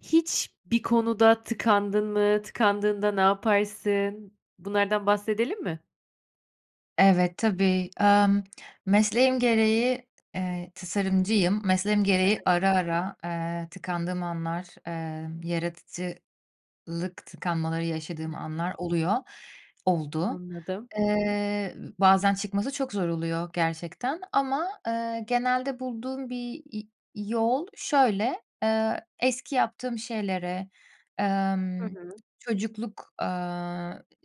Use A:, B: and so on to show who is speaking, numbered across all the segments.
A: Hiç bir konuda tıkandın mı? Tıkandığında ne yaparsın? Bunlardan bahsedelim mi?
B: Evet, tabii. Emm, mesleğim gereği, eee -tasarımcıyım mesleğim gereği
A: Evet.
B: ara ara, eee, tıkandığım anlar, eee, yaratıcılık tıkanmaları yaşadığım anlar oluyor, oldu.
A: Anladım.
B: Eee, bazen çıkması çok zor oluyor gerçekten ama, eee, genelde bulduğum bir, iii, yol şöyle; eee, eski yaptığım şeylere,
A: Hı
B: emm,
A: hı.
B: çocukluk, eee,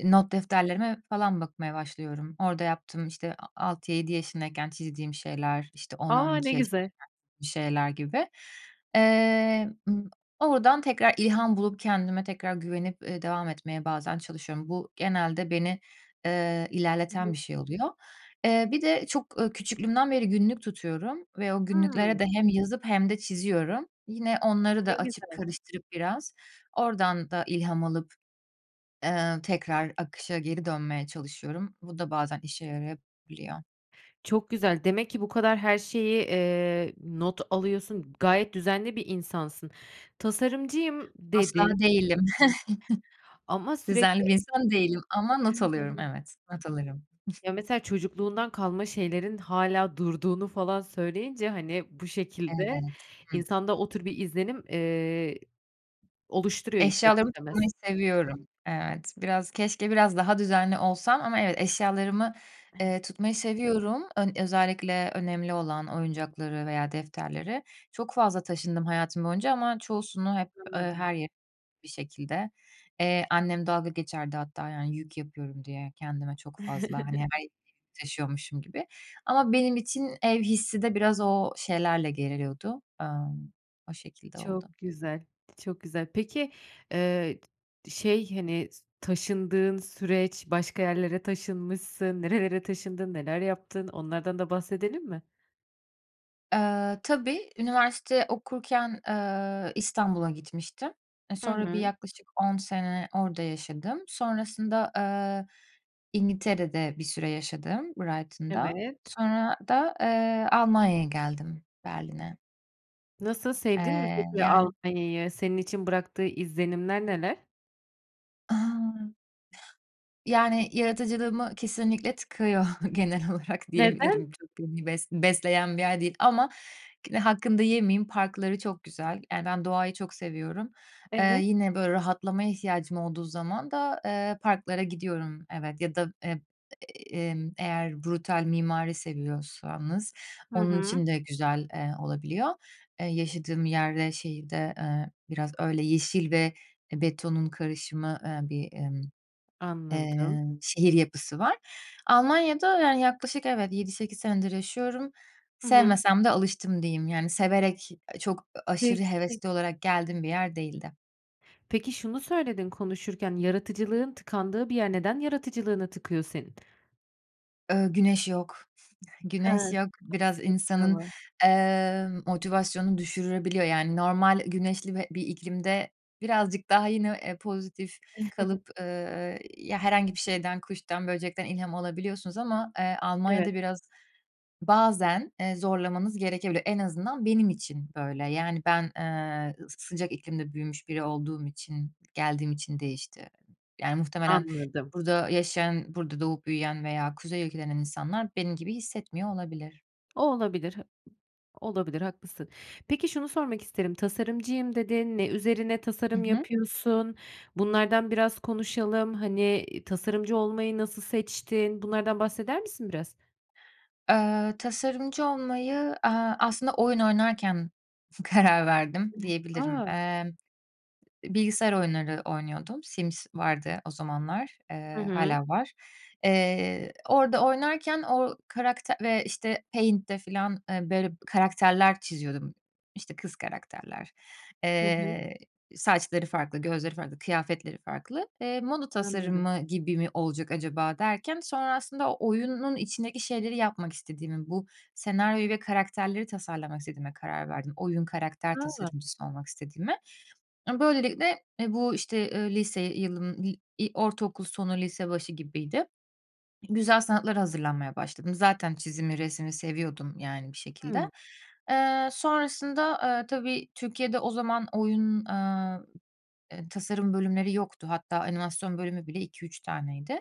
B: not defterlerime falan bakmaya başlıyorum. Orada yaptığım, işte, a altı yedi yaşındayken çizdiğim şeyler, işte, on on
A: A! Ne
B: iki yaşı
A: güzel.
B: [unintelligible] şeyler gibi. Eee, ımm, oradan tekrar ilham bulup kendime tekrar güvenip, eee, devam etmeye bazen çalışıyorum. Bu, genelde beni, eee,
A: Hı
B: ilerleten
A: hı.
B: bir şey oluyor. Eee, bir de çok, ııı, küçüklüğümden beri günlük tutuyorum ve o günlüklere
A: Hıı.
B: de hem yazıp hem de çiziyorum. Yine onları
A: Ne
B: da açıp,
A: güzel.
B: karıştırıp biraz, oradan da ilham alıp, eee, tekrar akışa geri dönmeye çalışıyorum. Bu da bazen işe yarayabiliyor.
A: Çok güzel. Demek ki bu kadar her şeyi, eee, not alıyorsun. Gayet düzenli bir insansın. Tasarımcıyım, dedi
B: Asla değilim.
A: Ama
B: Düzenli bir
A: sürekli
B: insan değilim ama not alıyorum.
A: [unintelligible]
B: Evet. Not alırım.
A: Ya, mesela çocukluğundan kalma şeylerin hâlâ durduğunu falan söyleyince, hani, bu şekilde
B: Evet. Hı
A: insanda o tür bir izlenim, eee, oluşturuyor ister
B: Eşyalarımı
A: istemez.
B: tutmayı seviyorum, evet. Biraz keşke biraz daha düzenli olsam ama eve eşyalarımı, eee, tutmayı seviyorum, ön özellikle önemli olan oyuncakları veya defterleri. Çok fazla taşındım hayatım boyunca ama çoğusunu hep, eee,
A: Anladım.
B: her yere bir şekilde. Eee, annem dalga geçerdi hatta yani yük yapıyorum diye kendime çok fazla, hani, her yere taşıyormuşum gibi. Ama benim için ev hissi de biraz o şeylerle geliyordu, emm, o şekilde oldu.
A: Çok güzel, çok güzel. Peki, eee, şey, hani, s taşındığın süreç, başka yerlere taşınmışsın. Nerelere taşındın, neler yaptın onlardan da bahsedelim mi?
B: Eee, tabii, üniversite okurken, eee, İstanbul'a gitmiştim. E,
A: Hı
B: sonra bir
A: hı.
B: yaklaşık 10 sene orada yaşadım. Sonrasında, eee, İngiltere'de bir süre yaşadım, Brighton'da.
A: Evet.
B: Sonra da, eee, Almanya'ya geldim, Berlin'e.
A: Nasıl, sevdin mi
B: Eee,
A: peki
B: yani
A: Almanya'yı? Senin için bıraktığı izlenimler neler?
B: A! Yani, yaratıcılığımı kesinlikle tıkıyor, genel olarak
A: Neden?
B: diyebilirim. Çok beni bes besleyen bir yer değil ama yine hakkını da yemeyeyim, parkları çok güzel. Yani, ben doğayı çok seviyorum. Eee,
A: Evet.
B: yine, böyle, rahatlamaya ihtiyacım olduğu zaman da, eee, parklara gidiyorum, evet, ya da, emm, eee, eğer brutal mimari seviyorsanız
A: Hı
B: onun
A: hı.
B: için de güzel, eee, olabiliyor. Eee, yaşadığım yer ve şeyi de, eee, biraz öyle yeşil ve, eee, betonun karışımı, eee, bir, emm,
A: Anladım.
B: eee, şehir yapısı var. Almanya'da, yani, yaklaşık, evet, 7-8 senedir yaşıyorum.
A: Hı hı.
B: Sevmesem de alıştım, diyeyim. Yani, severek, eee, çok, ııı, aşırı
A: Peki.
B: hevesli olarak geldiğim bir yer değildi.
A: Peki, şunu söyledin konuşurken, yaratıcılığın tıkandığı bir yer. Neden yaratıcılığını tıkıyor senin?
B: Iıı, güneş yok. Güneş
A: Hı.
B: yok, biraz insanın,
A: [unintelligible]
B: eee, motivasyonunu düşürebiliyor. Yani normal güneşli bir bir iklimde birazcık daha, yine, eee, pozitif kalıp, ııı, ya, herhangi bir şeyden, kuştan, böcekten ilham alabiliyorsunuz ama, eee,
A: Evet.
B: Almanya'da biraz, bazen, eee, zorlamanız gerekebilir. En azından benim için böyle. Yani, ben, eee, s sıcak iklimde büyümüş biri olduğum için, geldiğim için değişti. Yani, muhtemelen
A: Anladım.
B: burada yaşayan, burada doğup büyüyen veya kuzey ülkelerinden insanlar benim gibi hissetmiyor olabilir.
A: O olabilir, hı olabilir haklısın. Peki, şunu sormak isterim, tasarımcıyım dedin. Ne üzerine
B: Hı
A: tasarım
B: hı.
A: yapıyorsun? Bunlardan biraz konuşalım, hani, iii, tasarımcı olmayı nasıl seçtin? Bunlardan bahseder misin biraz?
B: Eee, tasarımcı olmayı, eee, aslında oyun oynarken karar verdim diyebilirim.
A: A!
B: Eee, bilgisayar oyunları oynuyordum, Sims vardı o zamanlar,
A: Hı
B: eee, hâlâ
A: hı.
B: var. Eee, orada oynarken, o karakte ve, işte, Paint'te falan, eee, böyle karakterler çiziyordum, işte, kız karakterler.
A: Hı hı.
B: Eee, saçları farklı, gözleri farklı, kıyafetleri farklı. Eee, moda
A: Anladım.
B: tasarımı gibi mi olacak acaba derken sonra aslında oyunun içindeki şeyleri yapmak istediğimi, bu senaryoyu ve karakterleri tasarlamak istediğime karar verdim, oyun karakter
A: A!
B: tasarımcısı olmak istediğime. Eee, böylelikle, eee, bu işte, ııı, lise yılın, iii, ortaokul sonu, lise başı gibiydi. Güzel sanatlara hazırlanmaya başladım. Zaten çizimi, resmi seviyordum yani bir
A: Hı.
B: şekilde. Eee, sonrasında, eee, tabii Türkiye'de o zaman oyun, aaa, eee, tasarım bölümleri yoktu hatta animasyon bölümü bile 2-3 taneydi.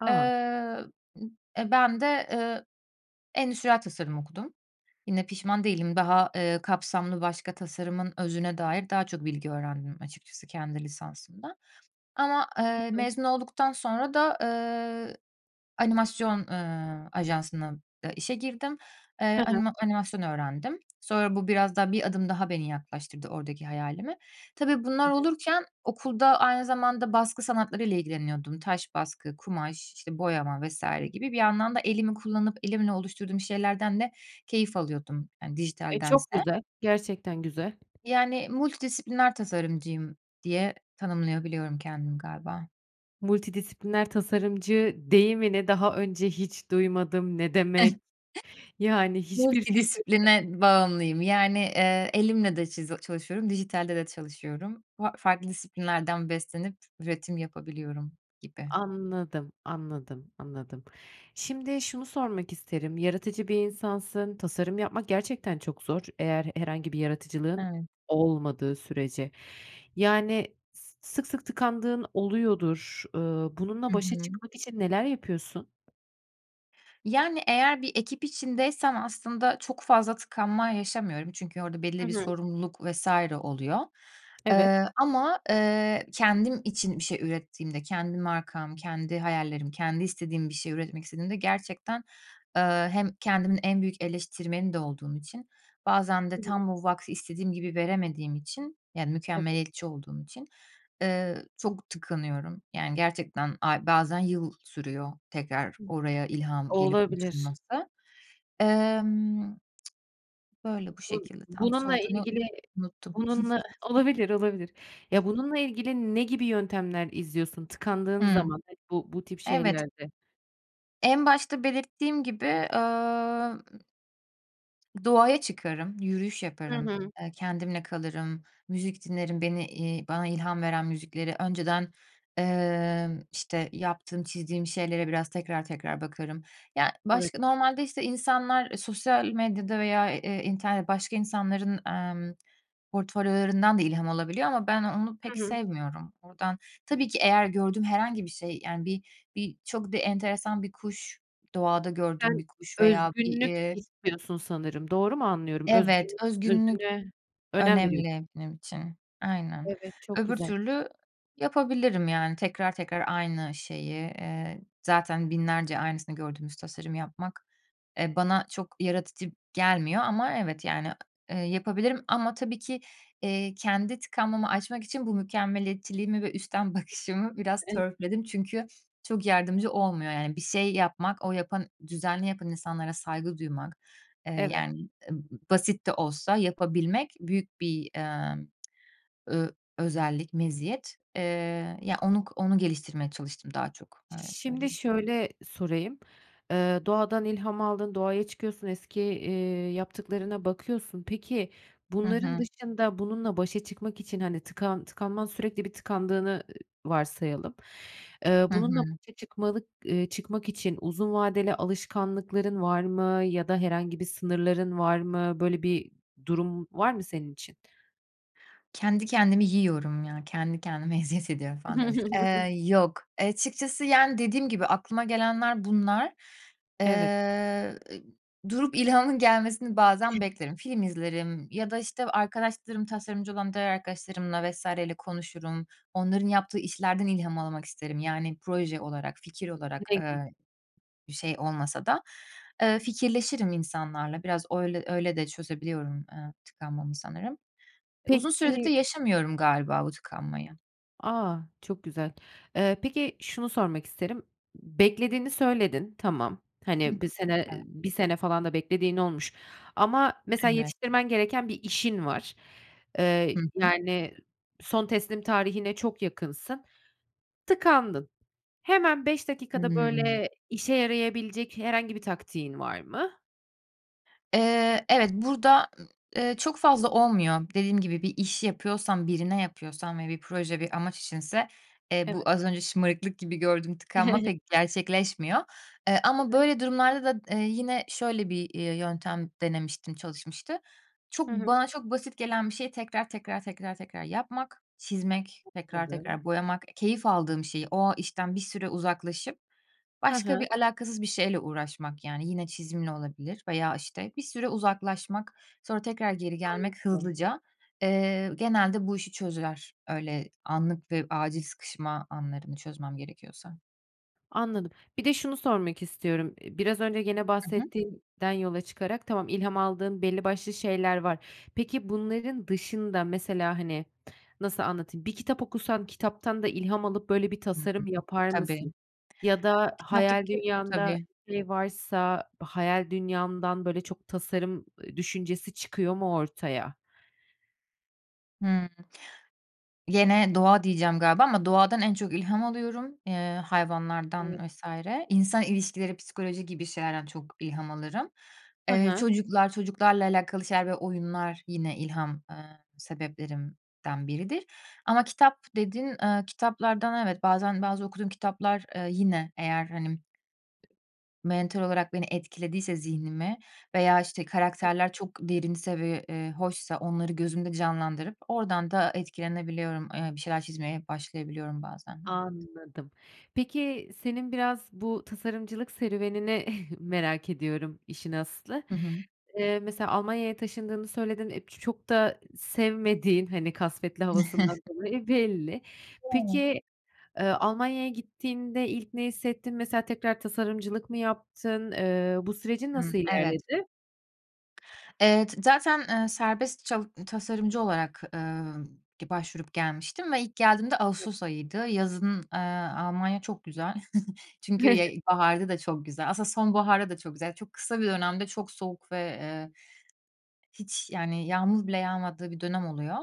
A: A!
B: Eee, b eee, ben de, eee, endüstriyel tasarım okudum, yine pişman değilim, daha, eee, kapsamlı, başka tasarımın özüne dair daha çok bilgi öğrendim açıkçası kendi lisansımda. Ama,
A: Hı
B: eee,
A: hı.
B: mezun olduktan sonra da, ııı, animasyon, ııı, ajansına, aaa, işe girdim. Eee,
A: Hı hı.
B: anima animasyon öğrendim. Sonra bu biraz daha, bir adım daha beni yaklaştırdı oradaki hayalime. Tabii, bunlar
A: Evet.
B: olurken okulda aynı zamanda baskı sanatlarıyla ilgileniyordum. Taş baskı, kumaş, işte, boyama vs. gibi, bir yandan da elimi kullanıp, elimle oluşturduğum şeylerden de keyif alıyordum, hani,
A: Eee, çok
B: dijitaldense.
A: güzel, gerçekten güzel.
B: Yani, multidisipliner tasarımcıyım diye tanımlayabiliyorum kendimi, galiba.
A: Multidisipliner tasarımcı deyimini daha önce hiç duymadım, ne demek? Yani, hiçbir fikrim yok.
B: Multidisipline bağımlıyım. Yani, eee, elimle de çizi çalışıyorum, dijitalde de çalışıyorum. Fa farklı disiplinlerden beslenip üretim yapabiliyorum gibi.
A: Anladım, anladım, anladım. Şimdi şunu sormak isterim; yaratıcı bir insansın, tasarım yapmak gerçekten çok zor, eğer herhangi bir yaratıcılığın
B: Evet.
A: olmadığı sürece. Yani, s sık sık tıkandığın oluyordur. Iıı, Bununla
B: Hı
A: başa
B: hı.
A: çıkmak için neler yapıyorsun?
B: Yani, eğer bir ekip içindeysem aslında çok fazla tıkanma yaşamıyorum, çünkü orada belli
A: Hı
B: bir
A: hı.
B: sorumluluk vs. oluyor.
A: Evet.
B: Eee, ama, eee, kendim için bir şey ürettiğimde, kendi markam, kendi hayallerim, kendi istediğim bir şey üretmek istediğimde gerçekten, eee, hem kendimin en büyük eleştirmeni de olduğum için, bazen
A: Hı
B: de
A: hı.
B: tam bu vakti istediğim gibi veremediğim için, yani,
A: Evet.
B: mükemmeliyetçi olduğum için, eee, çok tıkanıyorum. Yani, gerçekten ay bazen yıl sürüyor tekrar
A: Hı.
B: oraya ilham gelip
A: Olabilir.
B: uçurması. Emm, böyle, bu
A: Bu
B: şekilde. Tam
A: bununla
B: sorduğunu
A: ilgili
B: unuttum.
A: bununla Olabilir, olabilir. Ya, bununla ilgili ne gibi yöntemler izliyorsun tıkandığın
B: Hıı.
A: zaman, hani, bu bu tip
B: Evet.
A: şeylerde?
B: En başta belirttiğim gibi, ımm doğaya çıkarım, yürüyüş
A: Hı
B: yaparım,
A: hı.
B: eee, kendimle kalırım, müzik dinlerim. Beni, iii, bana ilham veren müzikleri önceden, emm, işte, yaptığım, çizdiğim şeylere biraz tekrar tekrar bakarım. Ya,
A: Evet.
B: başka normalde, işte, insanlar sosyal medyada veya, eee, internet başka insanların, emm, portfolyolarından da ilham alabiliyor ama ben, onu pek
A: Hı hı.
B: sevmiyorum. Oradan tabii ki eğer gördüğüm herhangi bir şey, yani, bi bir çok da enteresan bir kuş, doğada gördüğüm
A: Sen,
B: bir kuş veya bir,
A: özgünlük
B: eee
A: istiyorsun sanırım, doğru mu anlıyorum?
B: Evet,
A: Özgün
B: özgünlük
A: özgünlüğe önem veriyo
B: önemli benim için, aynen.
A: Evet, çok
B: Öbür
A: güzel.
B: türlü yapabilirim, yani, tekrar tekrar aynı şeyi. Eee, zaten binlerce aynısını gördüğümüz tasarımı yapmak, eee, bana çok yaratıcı gelmiyor ama evet, yani, eee, yapabilirim ama tabii ki, eee, kendi tıkanmamı açmak için bu mükemmeliyetçiliğimi ve üstten bakışımı biraz
A: Ev
B: törpüledim çünkü çok yardımcı olmuyor, yani. Bir şey yapmak, o yapan düzenli yapan insanlara saygı duymak, eee,
A: Evet.
B: yani, ııı, basit de olsa yapabilmek büyük bir, ımm, ö özellik, meziyet. Eee, ya, onu onu geliştirmeye çalıştım daha çok, öyle
A: Şimdi
B: söyleyeyim.
A: şöyle sorayım, eee, doğadan ilham aldın, doğaya çıkıyorsun, eski, iii, yaptıklarına bakıyorsun. Peki,
B: Hı
A: bunların
B: hı.
A: dışında, bununla başa çıkmak için, hani, tıkan tıkanman sürekli bir tıkandığını, ııı, varsayalım. Eee,
B: Hı
A: bununla
B: hı.
A: başa çıkmalık eee, çıkmak için uzun vadeli alışkanlıkların var mı ya da herhangi bir sınırların var mı? Böyle bir durum var mı senin için?
B: "Kendi kendimi yiyorum ya, kendi kendime eziyet ediyorum." falan diyormuşum. Eee, yok, açıkçası, yani, dediğim gibi, aklıma gelenler bunlar.
A: Evet.
B: Eee, durup ilhamın gelmesini bazen beklerim. Film izlerim ya da, işte, arkadaşlarım, tasarımcı olan diğer arkadaşlarımla vs. ile konuşurum. Onların yaptığı işlerden ilham almak isterim, yani, proje olarak, fikir olarak,
A: [unintelligible]
B: ııı, bir şey olmasa da. Iıı, fikirleşirim insanlarla, biraz öyle öyle de çözebiliyorum, eee, tıkanmamı sanırım. Uzun süredir de
A: Peki
B: yaşamıyorum galiba bu tıkanmayı.
A: A, çok güzel. Eee, peki, şunu sormak isterim, beklediğini söyledin, tamam.
B: Hıh,
A: Hani, 1 sene, eee,
B: evet.
A: 1 sene falan da beklediğin olmuş ama mesela
B: Evet.
A: yetiştirmen gereken bir işin var. Eee,
B: Hı hı.
A: yani, son teslim tarihine çok yakınsın, tıkandın. Hemen 5 dakikada,
B: Hıı.
A: böyle, işe yarayabilecek herhangi bir taktiğin var mı?
B: Eee, evet, burada, eee, çok fazla olmuyor. Dediğim gibi, bir iş yapıyorsam, birine yapıyorsam ve bir proje, bir amaç içinse, eee, bu
A: Evet.
B: az önce şımarıklık gibi gördüğüm tıkanma pek gerçekleşmiyor, eee, ama
A: [unintelligible]
B: böyle durumlarda da, eee, yine şöyle bir, iii, yöntem denemiştim, çalışmıştı: Çok
A: Hı hı.
B: bana çok basit gelen bir şeyi tekrar, tekrar, tekrar, tekrar yapmak, çizmek, tekrar,
A: Anladım.
B: tekrar boyamak, keyif aldığım şeyi, o işten bir süre uzaklaşıp
A: Hı
B: başka
A: hı.
B: bir alakasız bir şeyle uğraşmak yani. Yine çizimle olabilir veya işte, bir süre uzaklaşmak, sonra tekrar geri gelmek
A: Anladım.
B: hızlıca. Eee, genelde bu işi çözer, öyle anlık ve acil sıkışma anlarını çözmem gerekiyorsa.
A: Anladım. Bir de şunu sormak istiyorum, eee, biraz önce gene
B: Hı hı.
A: bahsettiğinden yola çıkarak, tamam, ilham aldığın belli başlı şeyler var. Peki bunların dışında, mesela, hani, nasıl anlatayım, bir kitap okusan kitaptan da ilham alıp böyle bir
B: Hı hı.
A: tasarım yapar
B: Tabii.
A: mısın? Ya da hayal
B: Kitaptaki
A: dünyanda
B: tabii.
A: bir şey varsa hayal dünyandan böyle çok tasarım, eee, düşüncesi çıkıyor mu ortaya?
B: Hımm. Gene doğa diyeceğim galiba ama doğadan en çok ilham alıyorum, ııı,
A: Evet.
B: hayvanlardan vs. İnsan ilişkileri, psikoloji gibi şeylerden çok ilham alırım.
A: Hı
B: Eee,
A: hı.
B: çocuklar, çocuklarla alakalı şeyler ve oyunlar yine ilham, ııı, sebeplerimden biridir ama kitap, dedin, ııı, kitaplardan evet, bazen, bazı okuduğum kitaplar, eee, yine eğer hani mental olarak beni, etkilediyse, zihnimi veya işte,
A: [unintelligible]
B: karakterler çok derinse ve, eee, hoşsa onları gözümde canlandırıp oradan da etkilenebiliyorum, ııı, bir şeyler çizmeye başlayabiliyorum bazen, evet.
A: Anladım. Peki, senin biraz bu tasarımcılık serüvenini merak ediyorum işin aslı.
B: Hı hı.
A: Eee, mesela Almanya'ya taşındığını söyledin, eee, ç çok da sevmediğin, hani, kasvetli havasından dolayı belli.
B: [unintelligible]
A: Peki, ııı, Almanya'ya gittiğinde ilk ne hissettin? Mesela tekrar tasarımcılık mı yaptın? Iıı, bu sürecin
B: Hı,
A: nasıl
B: evet.
A: ilerledi?
B: Evet. Zaten, eee, serbest çal tasarımcı olarak, ııı, ge başvurup gelmiştim ve ilk geldiğimde ağustos ayıydı. Yazın, eee, Almanya çok güzel çünkü, ya, ilkbaharda da çok güzel. Aslında sonbaharda da çok güzel, çok kısa bir dönemde çok soğuk ve, eee, hiç, yani, yağmur bile yağmadığı bir dönem oluyor.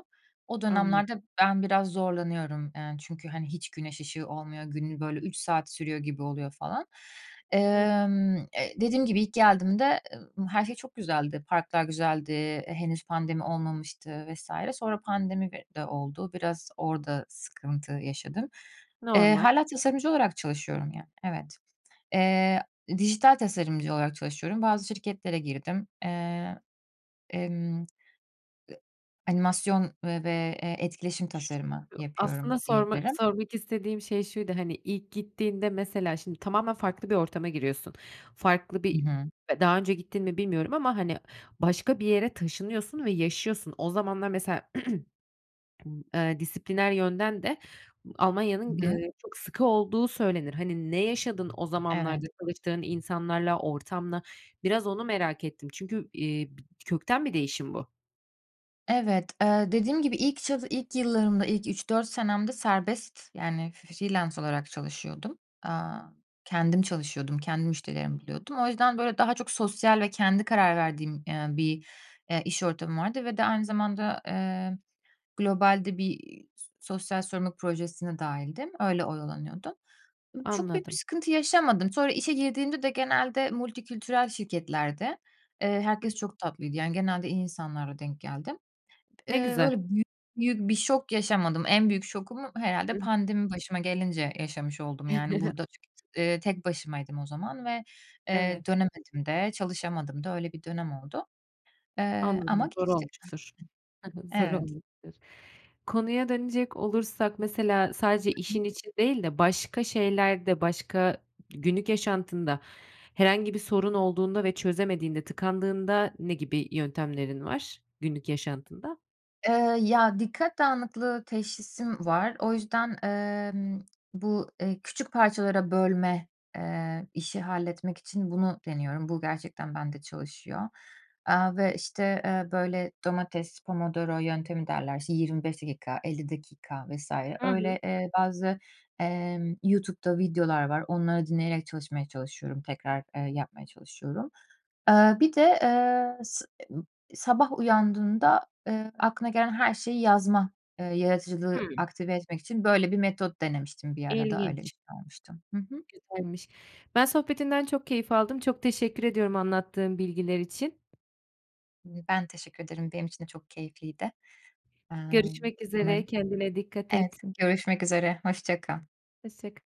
B: O
A: Anladım.
B: dönemlerde ben biraz zorlanıyorum, eee, çünkü, hani, hiç güneş ışığı olmuyor, günün böyle 3 saat sürüyor gibi oluyor falan. Emm, eee, dediğim gibi ilk geldiğimde, emm, her şey çok güzeldi, parklar güzeldi, henüz pandemi olmamıştı vs. Sonra pandemi [unintelligible] de oldu, biraz orada sıkıntı yaşadım. Eee,
A: Normal.
B: hâlâ tasarımcı olarak çalışıyorum, ya, evet. Eee, dijital tasarımcı olarak çalışıyorum, bazı şirketlere girdim. Eee, emm Animasyon ve ve e etkileşim tasarımı yapıyorum
A: Aslında sorma
B: diyebilirim.
A: sormak istediğim şey şuydu, hani, ilk gittiğinde mesela şimdi tamamen farklı bir ortama giriyorsun. Farklı
B: Hı
A: bir
B: hı.
A: daha önce gittin mi bilmiyorum ama hani başka bir yere taşınıyorsun ve yaşıyorsun. O zamanlar mesela, eee, disipliner yönden de
B: Hı
A: Almanya'nın,
B: hı.
A: eee, çok sıkı olduğu söylenir. Hani, ne yaşadın o zamanlarda
B: Evet.
A: çalıştığın insanlarla, ortamla? Biraz onu merak ettim çünkü, eee, b kökten bir değişim bu.
B: Evet, eee, dediğim gibi, ilk çal ilk yıllarımda, ilk 3-4 senemde serbest, yani, f freelance olarak çalışıyordum. Aaa, kendim çalışıyordum, kendi müşterilerimi buluyordum. O yüzden, böyle, daha çok sosyal ve kendi karar verdiğim, eee, bir, eee, iş ortamı vardı ve de aynı zamanda, eee, globalde bir, iii, sosyal sorumluluk projesine dâhildim, öyle oyalanıyordum. Iıı, çok büyük bir
A: Anladım.
B: sıkıntı yaşamadım. Sonra işe girdiğimde de genelde multikültürel şirketlerdi. Herkes
A: [unintelligible]
B: çok tatlıydı. Yani, genelde iyi insanlarla denk geldim.
A: Ne
B: Eee,
A: güzel.
B: öyle büyük büyük bir şok yaşamadım. En büyük şokumu herhâlde
A: [unintelligible]
B: pandemi başıma gelince yaşamış oldum. Yani, burada eee, tek başımaydım o zaman ve, eee,
A: Evet.
B: dönemedim de, çalışamadım da, öyle bir dönem oldu. Eee, ama
A: Anladım. Zor
B: geçti.
A: olmuştur. Hı hı. Zor
B: Evet.
A: olmuştur. Konuya dönecek olursak, mesela, sadece işin için değil de başka şeylerde, başka günlük yaşantında herhangi bir sorun olduğunda ve çözemediğinde, tıkandığında ne gibi yöntemlerin var günlük yaşantında?
B: Eee, ya, dikkat dağınıklığı teşhisim var. O yüzden, emm, bu, eee, küçük parçalara bölme, eee, işi halletmek için bunu deniyorum. Bu gerçekten bende çalışıyor. Aaa, ve, işte, eee, böyle, domates, Pomodoro yöntemi derler, işte, 25 dakika, 50 dakika vs.
A: Hı hı.
B: öyle, eee, bazı, emm, YouTube'da videolar var. Onları dinleyerek çalışmaya çalışıyorum. Tekrar, eee, yapmaya çalışıyorum. Eee, bir de, eee, s emm, sabah uyandığında, eee, aklına gelen her şeyi yazma, eee, yaratıcılığı
A: Hımm.
B: aktive etmek için böyle bir metot denemiştim bir ara da, öyle bir
A: İlginç.
B: şey olmuştu. Hı hı.
A: Güzelmiş. Ben sohbetinden çok keyif aldım. Çok teşekkür ediyorum anlattığın bilgiler için.
B: Ben teşekkür ederim. Benim için de çok keyifliydi. Emm,
A: Görüşmek üzere.
B: umarım.
A: Kendine dikkat
B: Evet,
A: et.
B: s görüşmek üzere. Hoşça kal.
A: Hoşça k